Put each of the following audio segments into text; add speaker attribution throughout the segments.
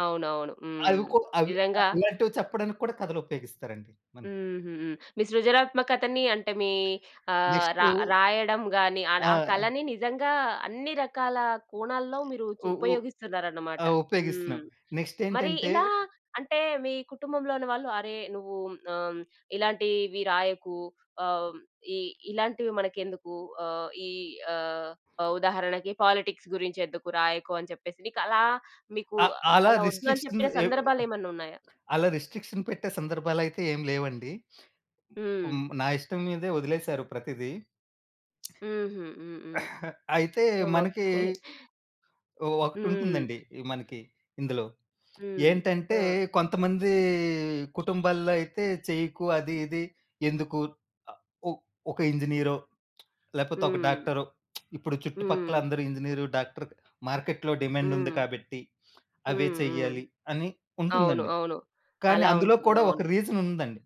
Speaker 1: అవునవును.
Speaker 2: అవి
Speaker 1: హ్మ్.
Speaker 2: కూ అవి
Speaker 1: నిజంగా
Speaker 2: ఆహ్, ఇలాంటివి చెప్పడానికి కూడా కథలుపయోగిస్తారండి మనం.
Speaker 1: హుహు. మీ సృజనాత్మకతని అంటే, మీ ఆహ్, రా
Speaker 2: నెక్స్టూ
Speaker 1: రాయడం గానీ, ఆడ
Speaker 2: ఆ!
Speaker 1: ఆ కళని నిజంగా అన్ని రకాలా కోణాల్లో మీరూ చు
Speaker 2: ఉ ఉ
Speaker 1: ఉపయోగిస్తున్నారన్నమాట.
Speaker 2: ఆహ్,
Speaker 1: హ్మ్.
Speaker 2: ఉపయోగిస్తన్నాం.
Speaker 1: మరి
Speaker 2: నెక్స్‌టేంటంటే
Speaker 1: ఇలా అంటే, మీ కుటుంబంలోని వాళ్ళు, అరే, నువ్వూ మ్ ఆహ్, హ్మ్, ఇలాంటీవి రాయకు ఆహ్, హ్మ్, ఇ ఇలాంటివి మనకెందుకు, ఆహ్, ఈ ఆహ్, ఆహ్, ఉదాహరణకి పాలిటిక్స్ గురించెందుకు, రాయకు. అని చెప్పేసి, నీకలా మీకూ
Speaker 2: అ అలా
Speaker 1: అలా ఒద్దని చెప్పిన
Speaker 2: రిస్ట్రిక్షన్స్ ఏవ్
Speaker 1: సందర్భాలేమన్నున్నాయా?
Speaker 2: అలా రిస్ట్రిక్షన్ పెట్టే సందర్భాలైతే ఏం లేవండి.
Speaker 1: హ్మ్.
Speaker 2: హ్మ్. నా ఇష్టం మీదే ఒదిలేసారు ప్రతిదీ.
Speaker 1: హుహు. హ్మ్. హ్మ్.
Speaker 2: అయితే,
Speaker 1: ఓకే.
Speaker 2: మనకీ ఓ
Speaker 1: హ్మ్.
Speaker 2: ఒకటుంటుందండి మనకి ఇందులో.
Speaker 1: హ్మ్.
Speaker 2: ఏంటంటే,
Speaker 1: ఆ!
Speaker 2: కొంతమందీ కుటుంబాల్లో అయితే, చెయ్యకు అది, ఇది. ఎందుకు అ ఒ ఒక ఇంజినీరో, లేపోతే ఒక
Speaker 1: హ్మ్.
Speaker 2: డాక్టరో, ఇప్పుడు
Speaker 1: హ్మ్.
Speaker 2: చుట్టుపక్కలందరు ఇంజినీరు, డాక్టర్‌కు మార్కెట్‌లో డిమాండుంది
Speaker 1: హ్మ్.
Speaker 2: కాబట్టి, అవే
Speaker 1: హ్మ్. హ్మ్.
Speaker 2: చెయ్యాలి అని
Speaker 1: అవును.
Speaker 2: ఉంటుందండి.
Speaker 1: అవును.
Speaker 2: కానీ,
Speaker 1: అలా
Speaker 2: అందులో
Speaker 1: ఉంటుంది.
Speaker 2: కూడా ఒక
Speaker 1: అవును.
Speaker 2: రీజనుందండి.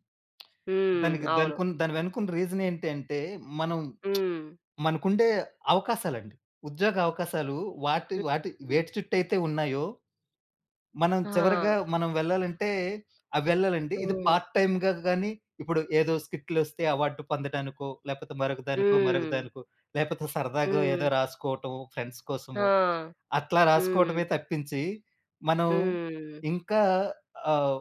Speaker 1: హ్మ్.
Speaker 2: దానికి
Speaker 1: అవును.
Speaker 2: దానికున్ దాని వెనుకున్న రీజనేంటి అంటే, మనం
Speaker 1: హ్మ్.
Speaker 2: మనకుండే అవకాశాలండి. ఉద్యోగ అవకాశాలూ వాటి
Speaker 1: హ్మ్.
Speaker 2: వాటి
Speaker 1: హ్మ్.
Speaker 2: వేటి చుట్టయితే ఉన్నాయో మనం
Speaker 1: ఆ!
Speaker 2: చివరగా, మనం వెళ్ళాలంటే, ఆహ్, వెళ్ళాలండి. ఇది
Speaker 1: హ్మ్.
Speaker 2: పార్ట్ టైమ్‌గా గానీ, ఇప్పుడు ఏదో స్కిట్‌లొస్తే అవార్డు పొందటానికో, లేపోతే మరొకదానికో,
Speaker 1: హ్మ్.
Speaker 2: మరొకదానికో, లేపోతే సరదాగో ఏదో
Speaker 1: హ్మ్.
Speaker 2: రాసుకోటం ఫ్రెండ్స్
Speaker 1: ఆ!
Speaker 2: కోసము. అట్లా
Speaker 1: హ్మ్.
Speaker 2: రాసుకోటమే తప్పించి, మనం
Speaker 1: హ్మ్.
Speaker 2: ఇంకా ఆహ్,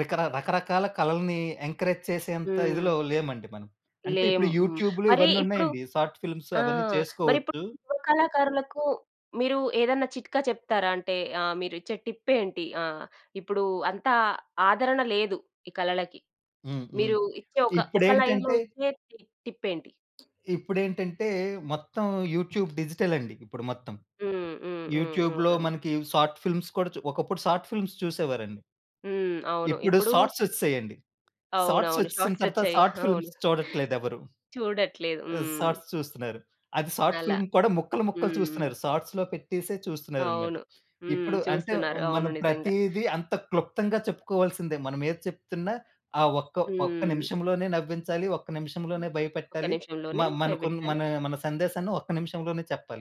Speaker 2: రికర రకరకాల కళలనీ ఎంకరేజ్ చేసేంత ఇదిలో
Speaker 1: హ్మ్.
Speaker 2: లేమండి మనం. అంటే, ఇప్పుడు
Speaker 1: లేము. హ్మ్.
Speaker 2: యూట్యూబ్‌లు
Speaker 1: మరీ ఇప్పుడు
Speaker 2: ఇవన్నున్నయ్యండి, సాట్ ఫిలిమ్స్
Speaker 1: ఆ!
Speaker 2: అవన్నీ
Speaker 1: మరిప్పుడు
Speaker 2: చేసుకోవద్దు.
Speaker 1: యువ కళాకారులకు మీరు ఏదన్నా చిట్కా చెప్తారా? అంటే, ఆహ్, మీరిచ్చే టిప్పేంటి? ఆహ్, ఇప్పుడూ అంతా ఆదరణ లేదు ఈ కళలకి.
Speaker 2: హ్మ్. హ్మ్.
Speaker 1: మీరూ ఇచ్చే ఒక, ఒక లైన్‌లో
Speaker 2: ఇప్పుడేంటంటే
Speaker 1: ఇచ్చేటి టిప్పేంటి?
Speaker 2: ఇప్పుడేంటంటే, మొత్తం యూట్యూబ్ డిజిటలండి ఇప్పుడు మొత్తం.
Speaker 1: హ్మ్. హ్మ్. హ్మ్. హ్మ్.
Speaker 2: యూట్యూబ్‌లో
Speaker 1: అవునండి.
Speaker 2: మనకీ సాట్ ఫిలిమ్స్ కూడా చు ఒకప్పుడు సాట్ ఫిలిమ్స్ చూసేవారండి.
Speaker 1: హ్మ్. అవును.
Speaker 2: ఇప్పుడు
Speaker 1: ఇప్పుడూ
Speaker 2: సాట్సొచ్చేశాయండి.
Speaker 1: అవునవును.
Speaker 2: సాట్సొచ్చేసిన తరతా
Speaker 1: షాట్సొచ్చాయి.
Speaker 2: సాట్
Speaker 1: అవును.
Speaker 2: ఫిలిమ్స్ చూడట్లేదెవరు.
Speaker 1: చూడట్లేదు. హ్మ్.
Speaker 2: సాట్స్ చూస్తున్నారు. అది సాట్
Speaker 1: అలా.
Speaker 2: ఫిల్మ్ కూడా ముక్కలు, ముక్కలు
Speaker 1: హ్మ్.
Speaker 2: చూస్తన్నారు. సాట్స్‌లో పెట్టేసే చూస్తన్నారనమాట.
Speaker 1: అవును. హ్మ్.
Speaker 2: ఇప్పుడు అంటే,
Speaker 1: చూస్తున్నారు. అవును
Speaker 2: మనం
Speaker 1: నిజంగా.
Speaker 2: ప్రతీది అంత క్లుప్తంగా చెప్పుకోవాల్సిందే మనమేది చెప్తున్నా, ఆ ఒక్క ఒక్క
Speaker 1: హ్మ్.
Speaker 2: నిమిషంలోనే నవ్వించాలి, ఒక్క నిమిషంలోనే
Speaker 1: ఒక్క
Speaker 2: భయపెట్టాలి. మ
Speaker 1: నిమిషంలోనే
Speaker 2: మనకున్న
Speaker 1: భయపెట్టాలి.
Speaker 2: మనా మన సందేశాన్ని ఒక్క నిమిషంలోనే చెప్పాలి.